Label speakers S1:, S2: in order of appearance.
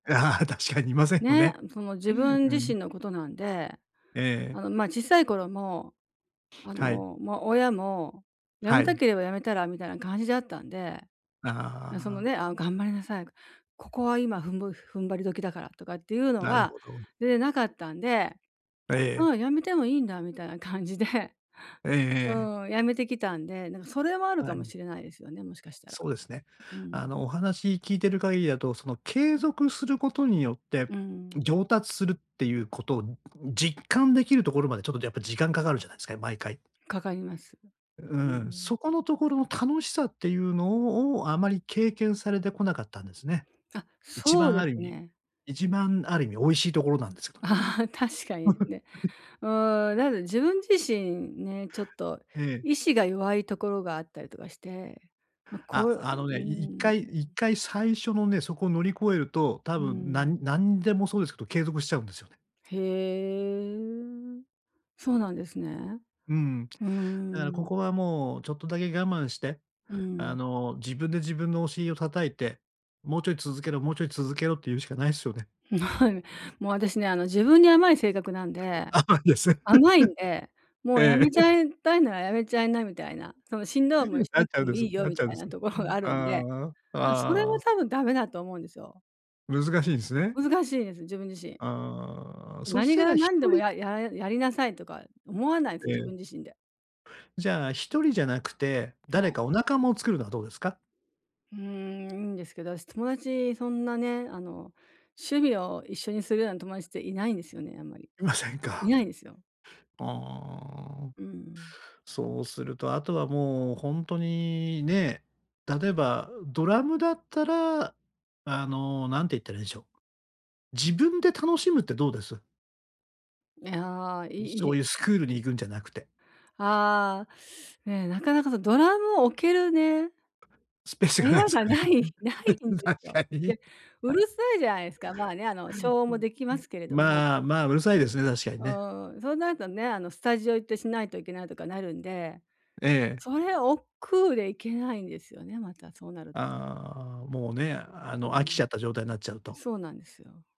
S1: 確かにいませんほ
S2: ね、
S1: ね。
S2: その自
S1: う
S2: 分自
S1: ん。
S2: 身のことなんで、
S1: ええ。
S2: あの、ま、小さい頃も、あ
S1: はい。
S2: の、ま、親も、や
S1: は
S2: めた
S1: い。
S2: ければやめたらみたいな感じだったんで。な、その
S1: あ
S2: ね、
S1: あ。
S2: ああ、頑張りなさい、ここは今、ふんぼ踏ん張り時だからとかっていうの
S1: なる
S2: は
S1: ほど。
S2: 全然なかったんで、
S1: あ、え
S2: あ
S1: え。
S2: あ、やめてもいいんだみたいな感じで。
S1: ええ
S2: う
S1: ええ。
S2: ーん、やめてきたんで、なんかそれはある
S1: は
S2: かも
S1: い。
S2: しれないですよね、もしかしたら。
S1: そうですね。
S2: う
S1: あ
S2: ん。
S1: の、お話聞いてる限りだと、その継続することによって、
S2: うん。
S1: 上達するっていうことを、実感できるところまでちょっとやっぱ時間かかるじゃないすか、毎回。
S2: かかります。
S1: う
S2: う
S1: ーん、
S2: ん。
S1: そこのところ楽しさっていうのをを、あまり経験されてこなかったんですね。
S2: あ、
S1: 一
S2: そう
S1: 番
S2: で
S1: あ
S2: す
S1: る意味
S2: ね。
S1: 一番ある意味美味しいところなんですかね。
S2: ああ、確かにね。うーん、だで、自分自身ね、ちょっと
S1: ええ。
S2: 意志が弱いところがあったりとかして。ま、こ
S1: あ、
S2: う、う
S1: あの
S2: うー
S1: ね、い一
S2: ん、
S1: 回
S2: う
S1: 一
S2: ん。
S1: 回最初のね、そこを乗り越えると多
S2: うー
S1: 分、な
S2: ん。
S1: んなんでもそうですけど、継続しちゃうんですよね。
S2: へえ、そうなんですね。
S1: うん。だ
S2: うー
S1: からこ
S2: ん。
S1: こはもうちょっとだけ我慢して、
S2: う
S1: あ
S2: ん。
S1: の、自分で自分のお尻を叩いて、もうちょい続けろもうちょい続けろって言うしかないっすよね。
S2: もう私ね、あの、自分に甘い性格なんで、
S1: 甘いですね。
S2: 甘いんで、もうやめ
S1: え
S2: ち
S1: え。
S2: ゃいたいなら、やめちゃいなみたいな、そのしんどい思いし
S1: な
S2: な
S1: っ
S2: く
S1: ちゃ
S2: て
S1: うん
S2: も
S1: で
S2: い
S1: す
S2: いよ
S1: なっ
S2: み
S1: ちゃうん
S2: た
S1: で
S2: い
S1: す。
S2: なところ
S1: う
S2: が
S1: ん、
S2: あるんで、
S1: ああ。
S2: ぬ、
S1: あ
S2: それは
S1: あ。
S2: 多分ダメだと思うんですよ。
S1: 難しいですね。
S2: 難しいです、自分自身。
S1: ああ、そ
S2: な
S1: し
S2: に
S1: た
S2: が
S1: ら一
S2: なんでも、
S1: 人
S2: やいややりなさいとか思わないす、
S1: え
S2: 自
S1: え。
S2: 分自身で。
S1: じゃあ、一人じゃなくて、
S2: そ
S1: 誰
S2: う。
S1: かお仲間を作るのはどうですか？
S2: うーん、いいんですけど、あし友達そんなね、あの、趣味を一緒にするような友達っていないんですよね、あんまり、
S1: いません
S2: い
S1: か。
S2: ないんすよ。
S1: ああ。
S2: うんうん。
S1: そうするとあとはもう、ほんとに、ね、例えば、ドラムだったら、あの、なんて言ったらいいんしょう。自分で楽しむってどうです？
S2: いや、
S1: い
S2: い
S1: そ
S2: い。
S1: ういうスクールに行くんじゃなくて。
S2: ああ。ね、なかなかそのドラムを置けるね
S1: スペース
S2: 部
S1: がな
S2: 屋
S1: いす
S2: が、
S1: かね？
S2: ないないん
S1: 確
S2: ですよ。
S1: かに。
S2: で、うるさいじゃないすか。まあね、あの、消音
S1: う
S2: も
S1: ん、
S2: でき
S1: う
S2: ま
S1: ん。
S2: すけれども。
S1: まあまあ、うるさいですね、確かに
S2: う
S1: ね。
S2: ーん、そうなるとね、あの、スタジオ行ってしないといけないとかなるんで。
S1: ええ。
S2: それ億劫で行けないんですよね、またそうなると。
S1: ああ、もうね、あ
S2: う
S1: の、飽きち
S2: ん。
S1: ゃった状態なっちゃうと。
S2: そうなんですよ。